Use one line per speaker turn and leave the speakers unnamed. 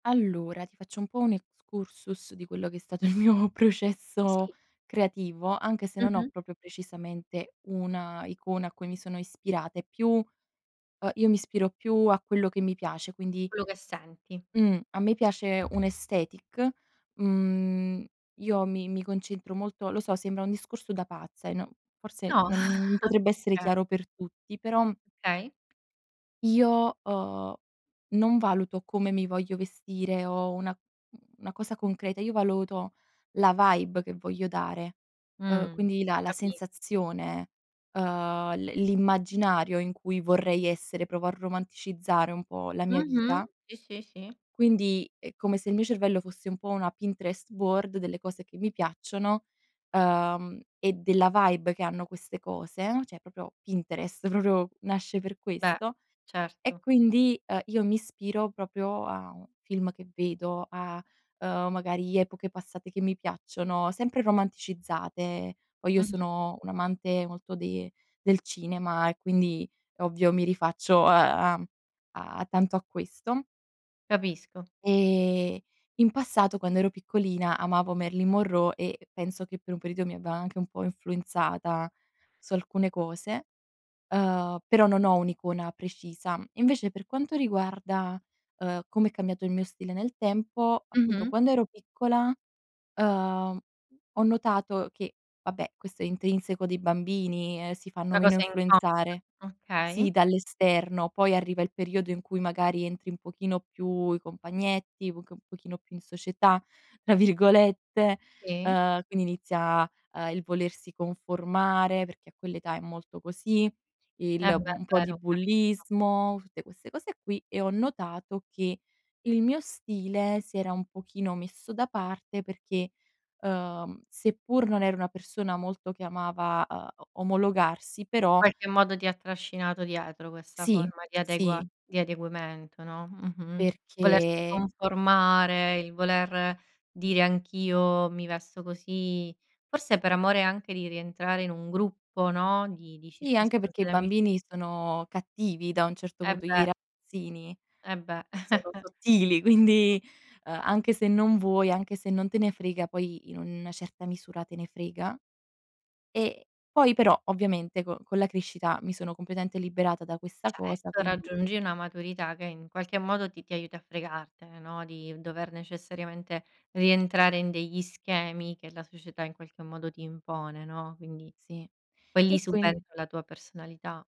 Allora, ti faccio un po' un excursus di quello che è stato il mio processo
Sì.
creativo, anche se non ho
Mh-mh.
proprio precisamente una icona a cui mi sono ispirata. E più, uhm, io mi ispiro più a quello che mi piace, quindi,
Quello che senti.
mhmm, a me piace un aesthetic mhmm, io mi mi concentro molto lo so, sembra un discorso da pazza e no forse
No,
non potrebbe essere
perché?
chiaro per tutti, però
Okay.
Io ho non valuto come mi voglio vestire o una, mhmm, una, cosa concreta, io valuto la vibe che voglio dare, uhm,
Mh,
quindi la la
capi
sensazione, uhm, l l'immaginario in cui vorrei essere, provo a romanticizzare un po' la mia
Mh-mh.
vita
Sì, sì, sì.
quindi, è come se il mio cervello fosse un po' una Pinterest board delle cose che mi piacciono, uhm, e della vibe che hanno queste cose, cioè proprio Pinterest proprio nasce per
Beh,
questo. E
certo.
quindi, ehm, io mi ispiro proprio a un film che vedo, a, uhm, magari epoche passate che mi piacciono, sempre romanticizzate. Poi io
Mh-mh.
sono un amante molto de del cinema e quindi è ovvio mi rifaccio a a a tanto a questo
Capisco.
ehm, in passato quando ero piccolina, amavo Marylin Monroe e penso che per un periodo mi abbia anche un po' influenzata su alcune cose, uhm, però non ho un'icona precisa. Invece per quanto riguarda, uhm, come è cambiato il mio stile nel tempo, appunto
Mh-mh.
quando ero piccola, uhm, ho notato che vabbè, questo è intrinseco dei bambini, ehm, si fanno
Una
meno
cosa inconscia,
influenzare Sì,
okay.
dall'esterno, poi arriva il periodo in cui magari entri un pochino più: i compagnetti, un pochino più in "società" tra virgolette,
Sì.
uhm, quindi inizia, uhm, il volersi conformare, perché a quell'età è molto così,
Eh
il
beh,
un po' di
vero. Capisco.
bullismo, tutte queste cose qui. E ho notato che il mio stile si era un pochino messo da parte perché, uhm, seppur non ero una persona molto che amava, uhm, omologarsi,
In
però
qualche modo ti ha trascinato dietro questa
Sì,
forma di adegua
sì.
di adeguamento, no, mh-mh, volersi
Perchè
conformare, il voler dire: "Anch'io mi vesto così." Forse per amore anche di rientrare in un gruppo, no, di di
Sì, anche
circostanze
perché i
d'amici
bambini sono cattivi da un certo
Eh
punto i
beh.
ragazzini
Eh beh.
sono sottili, quindi, ehm, anche se non vuoi, anche se non te ne frega, poi in una certa misura, te ne frega. E, poi però ovviamente con con la crescita mi sono completamente liberata da questa cosa,
Certo,
quindi
raggiungi una maturità che in qualche modo ti ti aiuta a fregartene, no, di dover necessariamente rientrare in degli schemi che la società in qualche modo ti impone, no, quindi,
Sì.
poi
E
lì
quin
subentra la tua personalità.